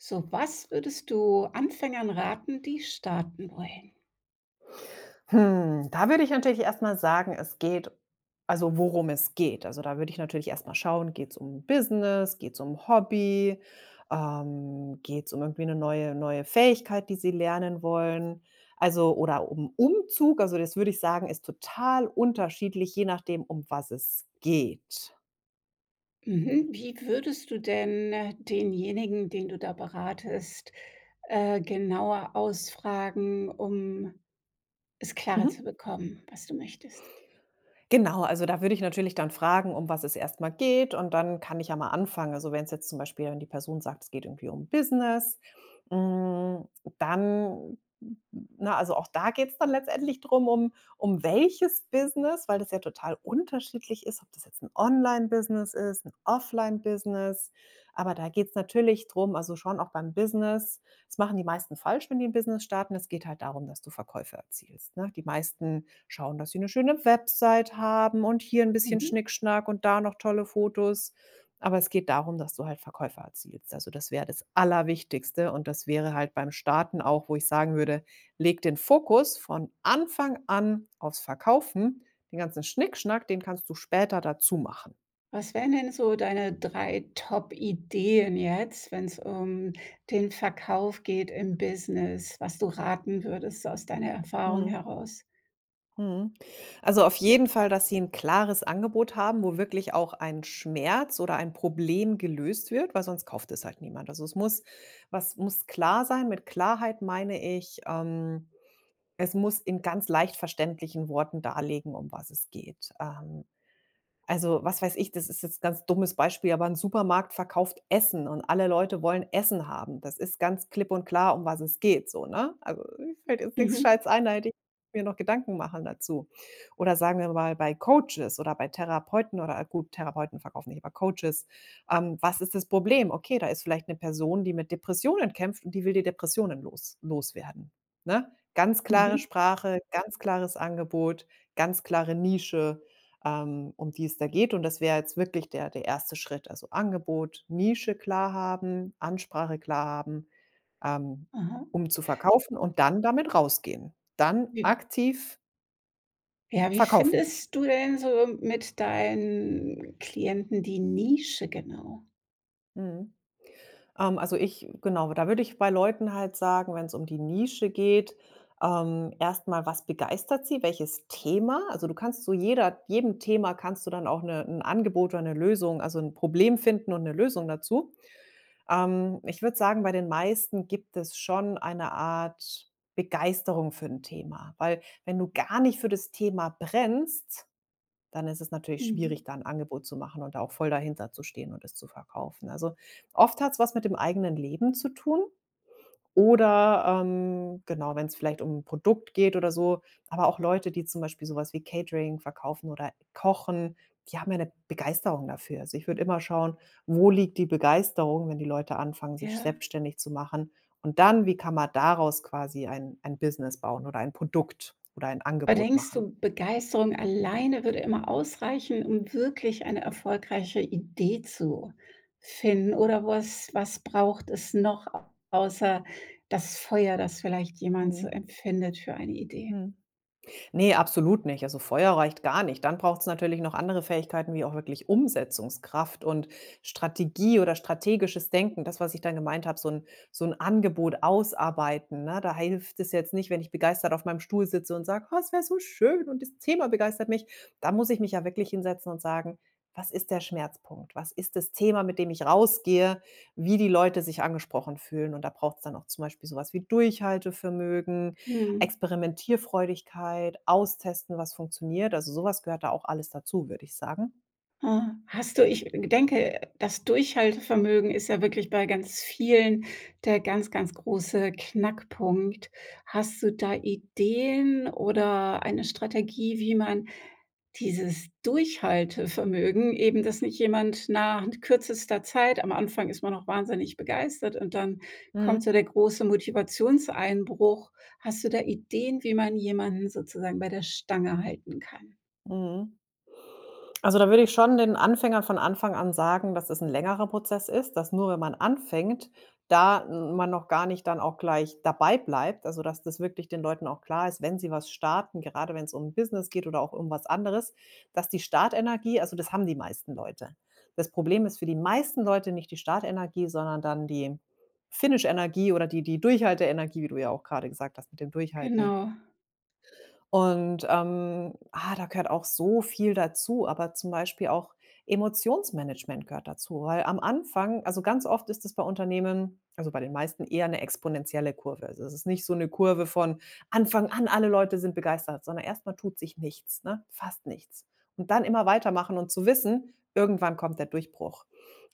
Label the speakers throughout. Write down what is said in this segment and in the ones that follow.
Speaker 1: So, was würdest du Anfängern raten, die starten wollen?
Speaker 2: Hm, da würde ich natürlich erst mal sagen: „Es geht“ also worum es geht. Also, da würde ich natürlich erst mal schauen, geht's um Business, geht's um Hobby, ähm, geht's um irgendwie 'ne neue neue Fähigkeit, die sie lernen wollen? Also oder um Umzug also das, würde ich sagen, ist total unterschiedlich, je nachdem, um was es geht.
Speaker 1: Mhm. Wie würdest du denn denjenigen, den du da beratest, äh, genauer ausfragen, um es klarer zu
Speaker 2: Mhm.
Speaker 1: bekommen, was du möchtest?
Speaker 2: Genau, also da würde ich natürlich dann fragen, um was es erst mal geht und dann kann ich ja mal anfangen. Also, wenn's jetzt zum Beispiel wenn die Person sagt, es geht irgendwie um Business, hm, dann na, also auch da geht's dann letztendlich drum, um um welches Business, weil das ja total unterschiedlich ist, ob das jetzt 'n Online-Business ist, 'n Offline-Business. Aber da geht's natürlich drum also schon auch beim Business das machen die meisten falsch, wenn die 'n Business starten. Es geht halt darum, dass du Verkäufe erzielst, ne? Die meisten schauen, dass sie 'ne schöne Website haben und hier 'n bisschen
Speaker 1: Mhm.
Speaker 2: Schnickschnack und da noch tolle Fotos. Aber es geht darum, dass du halt Verkäufe erzielst. Also, das wäre das Allerwichtigste und das wäre halt beim Starten auch, wo ich sagen würde: „Leg den Fokus von Anfang an auf's Verkaufen, den ganzen Schnickschnack, den kannst du später dazu machen.“
Speaker 1: Was wären denn so deine 3 Top-Ideen jetzt, wenn's um den Verkauf geht im Business, was du raten würdest aus deiner Erfahrung
Speaker 2: Mhm.
Speaker 1: heraus?
Speaker 2: Mhm, also, auf jeden Fall, dass Sie 'n klares Angebot haben, wo wirklich auch ein Schmerz oder ein Problem gelöst wird, weil sonst kauft es halt niemand. Also, es muss was muss klar sein. Mit Klarheit meine ich, ähm, es muss in ganz leicht verständlichen Worten darlegen, um was es geht. Ähm, also, was weiß ich, das ist jetzt ganz dummes Beispiel, aber 'n Supermarkt verkauft Essen und alle Leute wollen Essen haben. Das ist ganz klipp und klar, um was es geht so, ne? Also, mir fällt jetzt nix
Speaker 1: Mhm.
Speaker 2: Gescheites ein, da hätte ich mir noch Gedanken machen dazu. Oder sagen wir mal, bei Coaches oder bei Therapeuten oder gut, Therapeuten verkaufen nicht, aber Coaches. Ähm, was ist das Problem? Okay, da ist vielleicht 'ne Person, die mit Depressionen kämpft und die will die Depressionen los loswerden, ne? Ganz klare
Speaker 1: Mhm.
Speaker 2: Sprache, ganz klares Angebot, ganz klare Nische, ähm, um die es da geht. Und das wäre jetzt wirklich der der 1. Schritt. Also, Angebot, Nische klar haben, Ansprache klar haben, ähm,
Speaker 1: Mhm.
Speaker 2: um zu verkaufen und dann damit rausgehen. Dann
Speaker 1: Wie
Speaker 2: aktiv
Speaker 1: ja, wie
Speaker 2: verkaufen.
Speaker 1: findest du denn so mit deinen Klienten die Nische genau?
Speaker 2: Mhm. Ähm, also, ich genau, da würde ich bei Leuten halt sagen, wenn's um die Nische geht, ähm, erst mal: Was begeistert sie, welches Thema? Also, du kannst zu jeder jedem Thema kannst du dann auch 'ne 'n Angebot oder 'ne Lösung also, 'n Problem finden und 'ne Lösung dazu. Ähm, ich würde sagen, bei den meisten gibt es schon eine Art Begeisterung für 'n Thema. Weil, wenn du gar nicht für das Thema brennst, dann ist es natürlich schwierig,
Speaker 1: Mhm.
Speaker 2: da 'n Angebot zu machen und da auch voll dahinter zu stehen und es zu verkaufen. Also, oft hat's was mit dem eigenen Leben zu tun. Oder, ähm, genau, wenn's vielleicht um 'n Produkt geht oder so. Aber auch Leute, die zum Beispiel so was wie Catering verkaufen oder kochen, die haben ja 'ne Begeisterung dafür. Also, ich würde immer schauen: Wo liegt die Begeisterung, wenn die Leute anfangen, sich
Speaker 1: Ja.
Speaker 2: selbstständig zu machen. Und dann: Wie kann man daraus quasi ein ein Business bauen oder ein Produkt oder ein
Speaker 1: Aber
Speaker 2: Angebot
Speaker 1: denkst
Speaker 2: machen?
Speaker 1: du, Begeisterung alleine würde immer ausreichen, um wirklich eine erfolgreiche Idee zu finden. Oder was was braucht es noch, a außer das Feuer, das vielleicht jemand so
Speaker 2: Mhm.
Speaker 1: empfindet für eine Idee?
Speaker 2: Mhm. Ne, absolut nicht. Also, Feuer reicht gar nicht. Dann braucht's natürlich noch andere Fähigkeiten, wie auch wirklich Umsetzungskraft und Strategie oder strategisches Denken. Das, was ich dann gemeint habe, so 'n so 'n Angebot ausarbeiten, ne? Da hilft es jetzt nicht, wenn ich begeistert auf meinem Stuhl sitze und sage: „Ach, es wär so schön und das Thema begeistert mich.“ Da muss ich mich ja wirklich hinsetzen und sagen: „Was ist der Schmerzpunkt? Was ist das Thema, mit dem ich rausgehe, wie die Leute sich angesprochen fühlen?“ Und da braucht's dann auch zum Beispiel so was wie Durchhaltevermögen,
Speaker 1: Mhm.
Speaker 2: Experimentierfreudigkeit, austesten, was funktioniert. Also, so was gehört da auch alles dazu, würde ich sagen.
Speaker 1: Ah, hast du ich g denke, das Durchhaltevermögen ist ja wirklich bei ganz vielen der ganz, ganz große Knackpunkt. Hast du da Ideen oder eine Strategie, wie man dieses Durchhaltevermögen eben, dass nicht jemand nach kürzester Zeit am Anfang ist man auch wahnsinnig begeistert und dann kommt
Speaker 2: Mhm.
Speaker 1: so der große Motivationseinbruch. Hast du da Ideen, wie man jemanden sozusagen bei der Stange halten kann?
Speaker 2: Mhm. Also, da würde ich schon den Anfängern von Anfang an sagen, dass es 'n längerer Prozess ist. Dass nur wenn man anfängt, da man noch gar nicht dann auch gleich dabei bleibt. Also, dass das wirklich den Leuten auch klar ist, wenn sie was starten, gerade wenn's um 'n Business geht oder auch um was anderes, dass die Start-Energie also, das haben die meisten Leute. Das Problem ist für die meisten Leute nicht die Start-Energie, sondern dann die Finish-Energie oder die die Durchhalte-Energie, wie du ja auch gerade gesagt hast mit dem Durchhalten.
Speaker 1: Genau.
Speaker 2: Und, ähm, ah, da gehört auch so viel dazu. Aber zum Beispiel auch Emotionsmanagement gehört dazu, weil am Anfang also, ganz oft ist das bei Unternehmen, also, bei den meisten, eher 'ne exponentielle Kurve. Also, es ist nicht so 'ne Kurve von Anfang an, alle Leute sind begeistert, sondern erst mal tut sich nichts, ne, fast nichts. Und dann immer weitermachen und zu wissen: „Irgendwann kommt der Durchbruch.“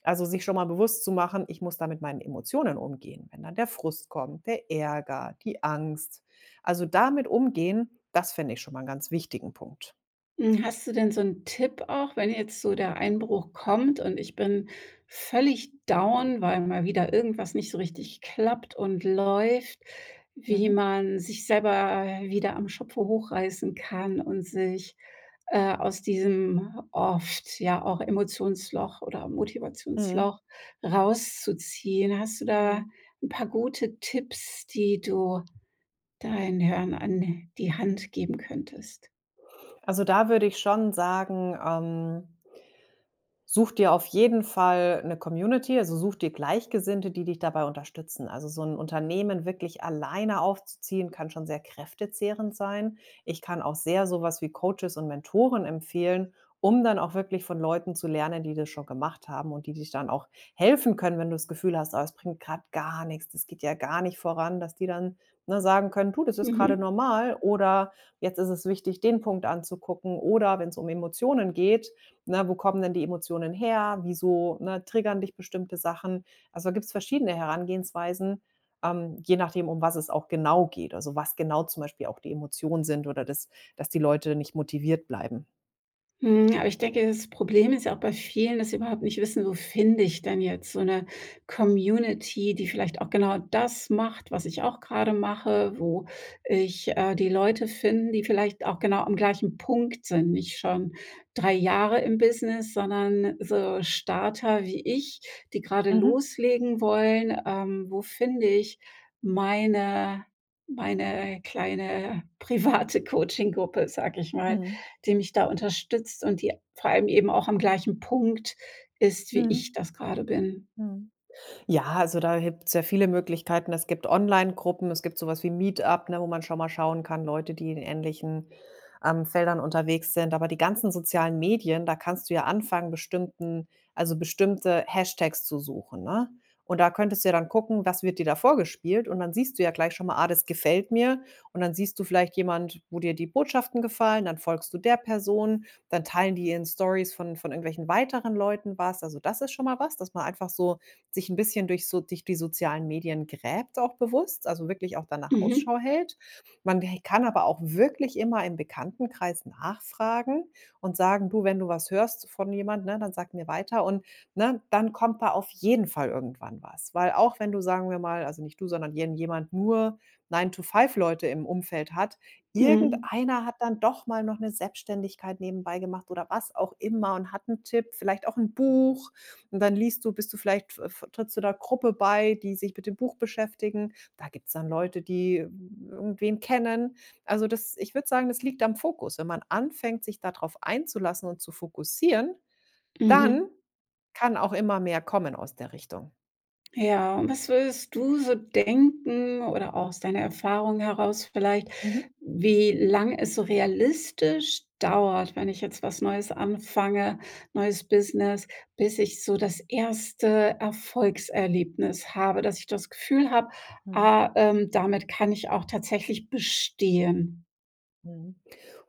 Speaker 2: Also, sich schon mal bewusst zu machen: „Ich muss da mit meinen Emotionen umgehen. Wenn dann der Frust kommt, der Ärger, die Angst.“ Also, damit umgehen, das finde ich schon mal 'n ganz wichtigen Punkt.
Speaker 1: Mhm, hast du denn so 'n Tipp auch, wenn jetzt so der Einbruch kommt und ich bin völlig down, weil mal wieder irgendwas nicht so richtig klappt und läuft? Wie
Speaker 2: Mhm.
Speaker 1: man sich selber, äh, wieder am Schopfe hochreißen kann und sich, äh, aus diesem oft, ja, auch Emotionsloch oder
Speaker 2: Mhm.
Speaker 1: Motivationsloch rauszuziehen? Hast du da
Speaker 2: Mhm.
Speaker 1: 'n paar gute Tipps, die du da den Hörern an die Hand geben könntest?
Speaker 2: Also, da würde ich schon sagen, ähm such dir auf jeden Fall 'ne Community. Also, such dir Gleichgesinnte, die dich dabei unterstützen. Also, so 'n Unternehmen wirklich alleine aufzuziehen, kann schon sehr kräftezehrend sein. Ich kann auch sehr so was wie Coaches und Mentoren empfehlen, um dann auch wirklich von Leuten zu lernen, die das schon gemacht haben und die dich dann auch helfen können, wenn du das Gefühl hast: „Oh, es bringt grad gar nix, das geht ja gar nicht voran.“ Dass die dann, ne, sagen können: „Du, das ist gerade
Speaker 1: Mhm.
Speaker 2: normal oder jetzt ist es wichtig, den Punkt anzugucken.“ Oder wenn's um Emotionen geht, ne, wo kommen denn die Emotionen her? Wieso, ne, triggern dich bestimmte Sachen? Also, da gibt's verschiedene Herangehensweisen, ähm, je nachdem, um was es auch genau geht. Also, was genau zum Beispiel auch die Emotionen sind oder dass dass die Leute nicht motiviert bleiben.
Speaker 1: Mhm. Aber ich denke, das Problem ist ja auch bei vielen, dass sie überhaupt nicht wissen, wo finde ich denn jetzt so 'ne Community, die vielleicht auch genau das macht, was ich auch gerade mache, wo ich, äh, die Leute finden, die vielleicht auch genau am gleichen Punkt sind, nicht schon 3 Jahre im Business, sondern so Starter wie ich, die grade
Speaker 2: Mhm.
Speaker 1: loslegen wollen. Ähm, wo finde ich meine meine kleine private Coaching-Gruppe, sage ich mal,
Speaker 2: Mhm.
Speaker 1: die mich da unterstützt und die vor allem eben auch am gleichen Punkt ist wie ich
Speaker 2: Mhm.
Speaker 1: das gerade bin?
Speaker 2: Mhm. Ja, also, da gibt es ja viele Möglichkeiten. Es gibt Onlinegruppen, es gibt so was wie Meetup, ne? Wo man schon mal schauen kann, Leute, die in ähnlichen, ähm, Feldern unterwegs sind. Aber die ganzen sozialen Medien, da kannst du ja anfangen, bestimmten also, bestimmte Hashtags zu suchen, ne? Und da könntest du ja dann gucken, was wird dir da vorgespielt? Und dann siehst du ja gleich schon mal: „Ah, das gefällt mir.“ Und dann siehst du vielleicht jemand, wo dir die Botschaften gefallen, dann folgst du der Person, dann teilen die in Storys von von irgendwelchen weiteren Leuten was. Also, das ist schon mal was, dass man einfach so sich 'n bisschen durch so durch die sozialen Medien gräbt auch bewusst, also, wirklich auch danach
Speaker 1: Mhm.
Speaker 2: Ausschau hält. Man he kann aber auch wirklich immer im Bekanntenkreis nachfragen und sagen: „Du, wenn du was hörst von jemand, ne, dann sag mir weiter und“, ne? Dann kommt da auf jeden Fall irgendwann was. Weil auch wenn du, sagen wir mal, also, nicht du, sondern irgendjemand, nur 9 to 5 Leute im Umfeld hat,
Speaker 1: Mhm.
Speaker 2: irgendeiner hat dann doch mal noch 'ne Selbstständigkeit nebenbei gemacht oder was auch immer und hat 'n Tipp, vielleicht auch 'n Buch, und dann liest du bist du vielleicht f f trittst du da Gruppe bei, die sich mit dem Buch beschäftigen. Da gibt es dann Leute, die irgendwen kennen. Also, das ich würde sagen, das liegt am Fokus. Wenn man anfängt, sich da drauf einzulassen und zu fokussieren, dann
Speaker 1: Mhm.
Speaker 2: kann auch immer mehr kommen aus der Richtung.
Speaker 1: Ja, und was würdest du so denken oder auch aus deiner Erfahrung heraus vielleicht,
Speaker 2: Mhm.
Speaker 1: wie lang es so realistisch dauert, wenn ich jetzt was Neues anfange, neues Business, bis ich so das 1. Erfolgserlebnis habe, dass ich das Gefühl habe,
Speaker 2: Mhm.
Speaker 1: ah, ähm, damit kann ich auch tatsächlich bestehen?
Speaker 2: Mhm.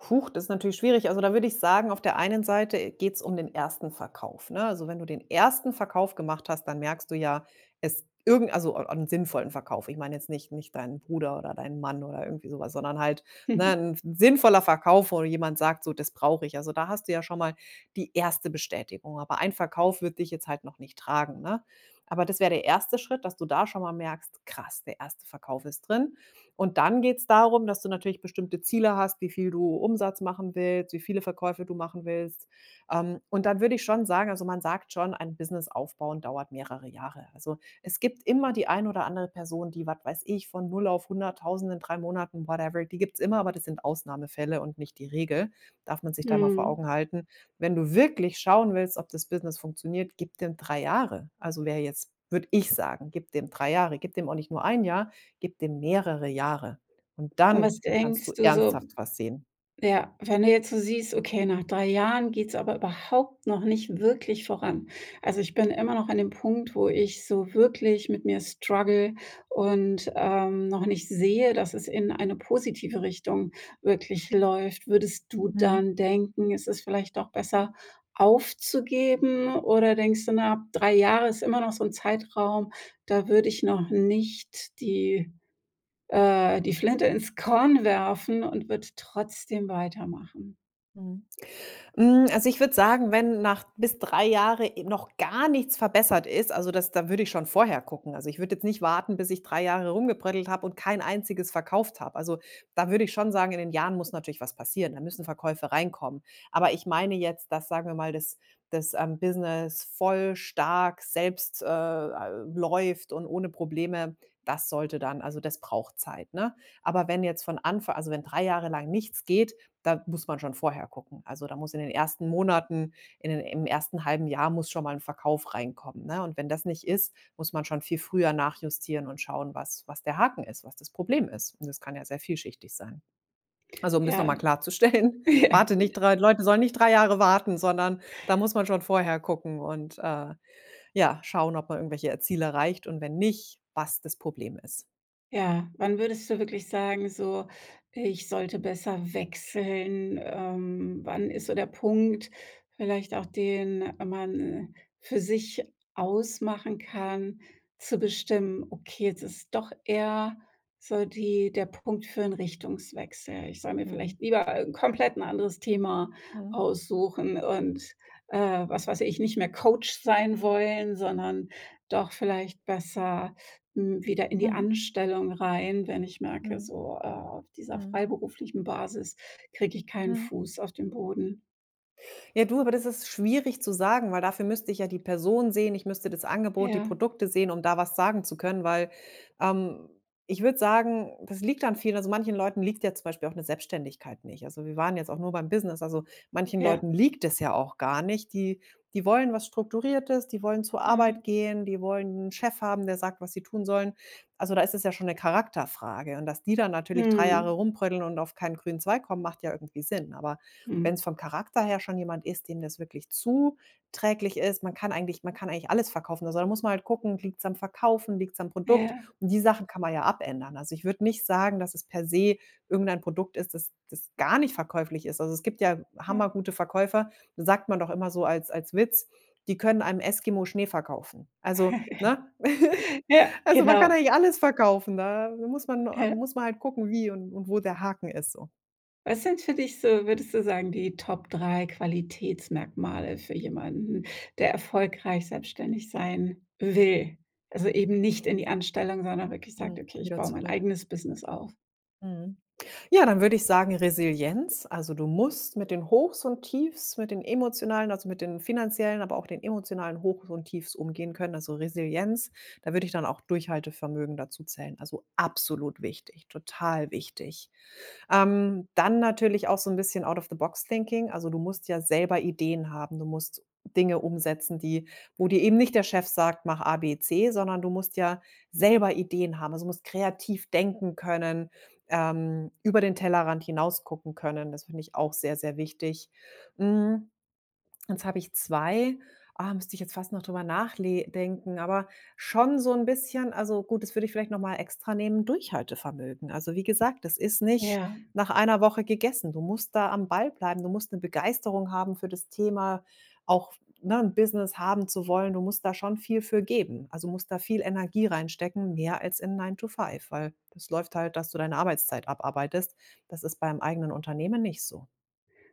Speaker 2: Huch, das ist natürlich schwierig. Also, da würde ich sagen, auf der einen Seite geht's um den 1. Verkauf, ne? Also, wenn du den 1. Verkauf gemacht hast, dann merkst du ja es irgend also, einen sinnvollen Verkauf. Ich meine jetzt nicht nicht deinen Bruder oder deinen Mann oder irgendwie so was. Sondern halt, ne, 'n sinnvoller Verkauf, wo jemand sagt: „So, das brauche ich.“, also, da hast du ja schon mal die 1. Bestätigung. Aber ein Verkauf wird dich jetzt halt noch nicht tragen, ne? Aber das wär der 1. Schritt, dass du da schon mal merkst: „Krass, der 1. Verkauf ist drin.“ Und dann geht's darum, dass du natürlich bestimmte Ziele hast, wie viel du Umsatz machen willst, wie viele Verkäufe du machen willst. Ähm, und dann würde ich schon sagen also, man sagt schon, ein Business aufbauen dauert mehrere Jahre. Also, es gibt immer die ein oder andere Person, die, was weiß ich, von 0 auf 100000 in 3 Monaten, whatever, die gibt's immer, aber das sind Ausnahmefälle und nicht die Regel, darf man sich da mal vor
Speaker 1: Mhm.
Speaker 2: Augen halten. Wenn du wirklich schauen willst, ob das Business funktioniert, gib dem 3 Jahre. Also, wer jetzt würde ich sagen. Gib dem 3 Jahre. Gib dem auch nicht nur 1 Jahr, gib dem mehrere Jahre. Und
Speaker 1: Und
Speaker 2: dann
Speaker 1: was
Speaker 2: kannst
Speaker 1: denkst
Speaker 2: du
Speaker 1: du so
Speaker 2: ernsthaft was sehen.
Speaker 1: ja, wenn du jetzt so siehst: „Okay, nach 3 Jahren geht's aber überhaupt noch nicht wirklich voran? Also, ich bin immer noch an 'nem Punkt, wo ich so wirklich mit mir struggle und, ähm, noch nicht sehe, dass es in eine positive Richtung wirklich läuft.“ Würdest du
Speaker 2: Mhm.
Speaker 1: dann denken, es ist vielleicht doch besser aufzugeben oder denkst du: „Na, ab 3 Jahre ist immer noch so 'n Zeitraum, da würde ich noch nicht die äh, die Flinte ins Korn werfen und würde trotzdem weitermachen?“
Speaker 2: Mhm. Hm, also, ich würde sagen, wenn nach bis 3 Jahre, äh, noch gar nichts verbessert ist, also, das da würde ich schon vorher gucken. Also, ich würde jetzt nicht warten, bis ich 3 Jahre rumgebröddelt habe und kein einziges verkauft habe. Also, da würde ich schon sagen, in den Jahren muss natürlich was passieren, da müssen Verkäufe reinkommen. Aber ich meine jetzt, dass sagen wir mal, das das, ähm, Business voll stark selbst, äh, läuft und ohne Probleme, das sollte dann also, das braucht Zeit, ne? Aber wenn jetzt von Anfa also, wenn 3 Jahre lang nichts geht, da muss man schon vorher gucken. Also, da muss in den ersten Monaten in d im ersten 1/2 Jahr muss schon mal 'n Verkauf reinkommen, ne? Und wenn das nicht ist, muss man schon viel früher nachjustieren und schauen, was was der Haken ist, was das Problem ist? Und das kann ja sehr vielschichtig sein. Also, um das noch mal
Speaker 1: Ja.
Speaker 2: klarzustellen, warte nicht 3 Leute sollen nicht 3 Jahre warten, sondern da muss man schon vorher gucken und, äh, ja, schauen, ob man irgendwelche Ziele erreicht und wenn nicht, was das Problem ist.
Speaker 1: Ja, wann würdest du wirklich sagen, so: Ich sollte besser wechseln? Ähm, wann ist so der Punkt, vielleicht auch den man für sich ausmachen kann, zu bestimmen: „Okay, jetzt ist doch eher so die der Punkt für 'n Richtungswechsel. Ich soll mir
Speaker 2: Mhm.
Speaker 1: vielleicht lieber komplett 'n anderes Thema
Speaker 2: Mhm.
Speaker 1: aussuchen und, äh, was weiß ich, nicht mehr Coach sein wollen, sondern doch vielleicht besser wieder, hm, in die
Speaker 2: Mhm.
Speaker 1: Anstellung rein, wenn ich merke,
Speaker 2: Mhm,
Speaker 1: so, äh, auf dieser
Speaker 2: mhm.
Speaker 1: freiberuflichen Basis kriege ich keinen
Speaker 2: Mhm.
Speaker 1: Fuß auf den Boden?“
Speaker 2: Ja, du, aber das ist schwierig zu sagen, weil dafür müsste ich ja die Person sehen, ich müsste das Angebot, die
Speaker 1: Ja.
Speaker 2: Produkte sehen, um da was sagen zu können, weil, ähm, ich würde sagen, das liegt an vielen also, manchen Leuten liegt ja zum Beispiel auch 'ne Selbstständigkeit nicht. Also, wir waren jetzt auch nur beim Business, also manchen
Speaker 1: Ja.
Speaker 2: Leuten, liegt es ja auch gar nicht. Die die wollen was Strukturiertes, die wollen zur
Speaker 1: Ah.
Speaker 2: Arbeit gehen, die wollen 'n Chef haben, der sagt, was sie tun sollen. Also, da ist es ja schon 'ne Charakterfrage. Und dass die dann natürlich 3 Jahre
Speaker 1: Mhm.
Speaker 2: rumbröddeln und auf keinen grünen Zweig kommen, macht ja irgendwie Sinn. Aber wenn's
Speaker 1: Mhm.
Speaker 2: vom Charakter her schon jemand ist, dem das wirklich zuträglich ist, man kann eigentlich man kann eigentlich alles verkaufen. Also, da muss man halt gucken: Liegt's am Verkaufen, liegt's am Produkt?
Speaker 1: Ja.
Speaker 2: Und die Sachen kann man ja abändern. Also, ich würde nicht sagen, dass es per se irgendein Produkt ist, das das gar nicht verkäuflich ist. Also, es gibt ja hammer
Speaker 1: Ja.
Speaker 2: gute Verkäufer, sagt man doch immer so als als Witz: „Die können einem Eskimo Schnee verkaufen.“ Also, ne?
Speaker 1: Ja,
Speaker 2: Also, man kann
Speaker 1: genau.
Speaker 2: eigentlich alles verkaufen, da muss man a
Speaker 1: Ja.
Speaker 2: muss man halt gucken, wie und und wo der Haken ist so.
Speaker 1: Was sind für dich so, würdest du sagen, die Top 3 Qualitätsmerkmale für jemanden, der erfolgreich selbstständig sein will? Also, eben nicht in die Anstellung, sondern wirklich sagt:
Speaker 2: Hm,
Speaker 1: „Okay, ich
Speaker 2: wieder
Speaker 1: baue mein
Speaker 2: zurück.
Speaker 1: eigenes Business auf“?
Speaker 2: Mhm. Ja, dann würde ich sagen Resilienz, also, du musst mit den Hochs und Tiefs, mit den emotionalen, also, mit den finanziellen, aber auch den emotionalen Hochs und Tiefs umgehen können, also, Resilienz. Da würde ich dann auch Durchhaltevermögen dazu zählen. Also, absolut wichtig, total wichtig. Ähm, dann natürlich auch so 'n bisschen Out of the Box Thinking. Also, du musst ja selber Ideen haben. Du musst Dinge umsetzen, die wo dir eben nicht der Chef sagt: „Mach ABC“, sondern du musst ja selber Ideen haben. Also, du musst kreativ denken können, ähm, über den Tellerrand hinausgucken können. Das finde ich auch sehr, sehr wichtig. Hm, jetzt habe ich 2 ah, müsste ich jetzt fast noch drüber nachle denken, aber schon so 'n bisschen also, gut, das würde ich vielleicht noch mal extra nehmen, Durchhaltevermögen. Also, wie gesagt, das ist nicht
Speaker 1: Ja.
Speaker 2: nach einer Woche gegessen. Du musst da am Ball bleiben. Du musst 'ne Begeisterung haben für das Thema, auch f ne, 'n Business haben zu wollen. Du musst da schon viel für geben. Also, du musst da viel Energie reinstecken mehr als in nine to five, weil das läuft halt, dass du deine Arbeitszeit abarbeitest. Das ist beim eigenen Unternehmen nicht so.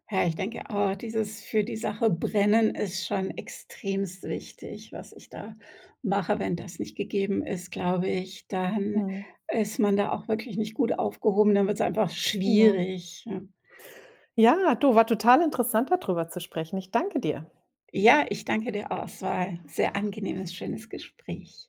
Speaker 1: Ja, ich denke auch, dieses: Für die Sache brennen ist schon extremst wichtig, was ich da mache. Wenn das nicht gegeben ist, glaube ich, dann
Speaker 2: Mhm.
Speaker 1: ist man da auch wirklich nicht gut aufgehoben, dann wird's einfach
Speaker 2: Genau.
Speaker 1: schwierig.
Speaker 2: Ja, du, war total interessant, da drüber zu sprechen. Ich danke dir.
Speaker 1: Ja, ich danke dir auch. Es war 'n sehr angenehmes, schönes Gespräch.